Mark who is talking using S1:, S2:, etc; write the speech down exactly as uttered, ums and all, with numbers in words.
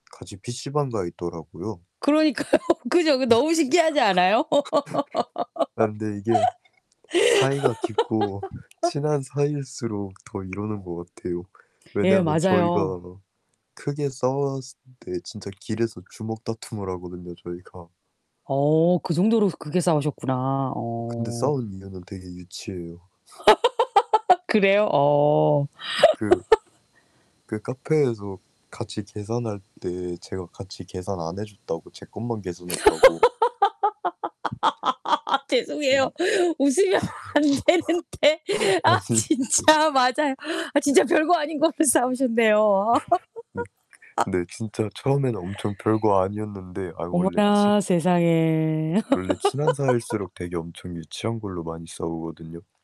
S1: 같이 피시방 가 있더라고요.
S2: 그러니까요. 그죠? 그
S1: 그래서
S2: 너무 신기하지 않아요?
S1: 아 근데 이게 사이가 깊고 친한 사이일수록 더 이러는 것 같아요.
S2: 예.
S1: 왜냐하면
S2: 맞아요.
S1: 저희가 크게 싸웠을 때 진짜 길에서 주먹다툼을 하거든요, 저희가.
S2: 어. 그 정도로 그게 싸우셨구나.
S1: 어 근데
S2: 어.
S1: 싸운 이유는 되게 유치해요.
S2: 그래요? 어.
S1: 그, 그 카페에서 같이 계산할 때 제가 같이 계산 안 해 줬다고 제 것만 계산 했다고 저기
S2: 죄송해요. 웃으면 안 되는데. 아
S1: 아니
S2: 진짜 맞아요. 아 진짜 별거 아닌 걸로 싸우셨네요.
S1: 네. 근데 진짜 처음에는 엄청 별거 아니었는데 아이 원래 친
S2: 어머나 세상에.
S1: 원래 친한 사이일수록 되게 엄청 유치한 걸로 많이 싸우거든요.